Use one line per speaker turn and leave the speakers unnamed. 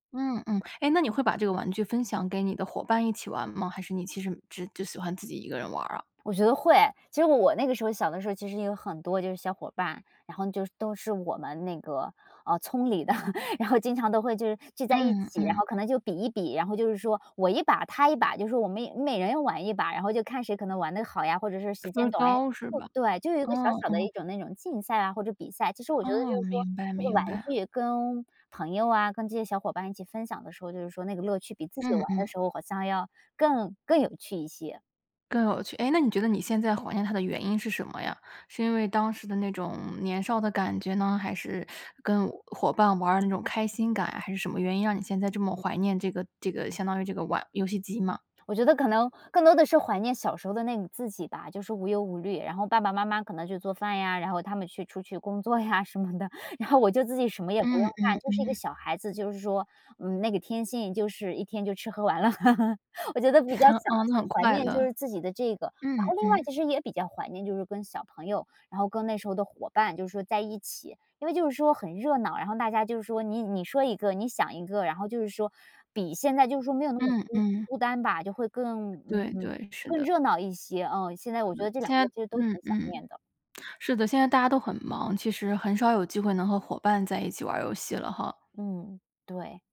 嗯嗯，诶，那你会把这个玩具分享给你的伙伴一起玩吗？还是你其实只只喜欢自己一个人玩儿啊？
我觉得会。其实我那个时候小的时候，其实也有很多就是小伙伴，然后就都是我们那个，呃，村里的。然后经常都会就是聚在一
嗯
起，然
嗯。
后可能就比一比，然后就是说我一把，他一把，就是我们每每人要玩一把，然后就看谁可能玩得好呀，或者说时
分
间
儿
短诶。
高是吧？
对，就有一个小
嗯
小的一
嗯。
种那种竞赛啊，或者比赛，其实我觉得就
哦，
是说
明白
这个玩
明白。
具跟朋友啊，跟这些小伙伴一起分享的时候，就是说那个乐趣比自己
嗯
玩的
嗯。
时候好像要更更有趣一些。
更有趣，诶，那你觉得你现在怀念它的原因是什么呀？是因为当时的那种年少的感觉呢，还是 跟伙伴玩儿的那种开心感，还是什么原因让你现在这么怀念这个这个相当于这个玩游戏机吗？
我觉得可能更多的是怀念小时候的那种自己吧，就是无忧无虑。然后爸爸妈妈可能就做饭呀，然后他们去出去工作呀什么的，然后我就自己什么也不用
嗯
干，
嗯
就是一个
嗯。
小孩子，就是说，嗯，那个天性就是一天就吃喝玩乐。我觉得比较 想
哦，那很
怀
快
念就
乐。
是自己的这个。然
嗯
后另外
嗯。
其实也比较怀念就是跟小朋友，然后跟那时候的伙伴，就是说在一起，因为就是说很热闹，然后大家就是说你你说一个，你想一个，然后就是说比现在就是说没有那么
嗯
孤
嗯。
孤单吧，就会更
对
嗯，
对，是
更
的。
热闹一些。嗯，现在我觉
对，
得这两
现在
个其实都挺
嗯
想
嗯。
念的。
是的，现在大家都很忙，其实很少有机会能和伙伴在一起玩儿游戏了哈。
嗯，对。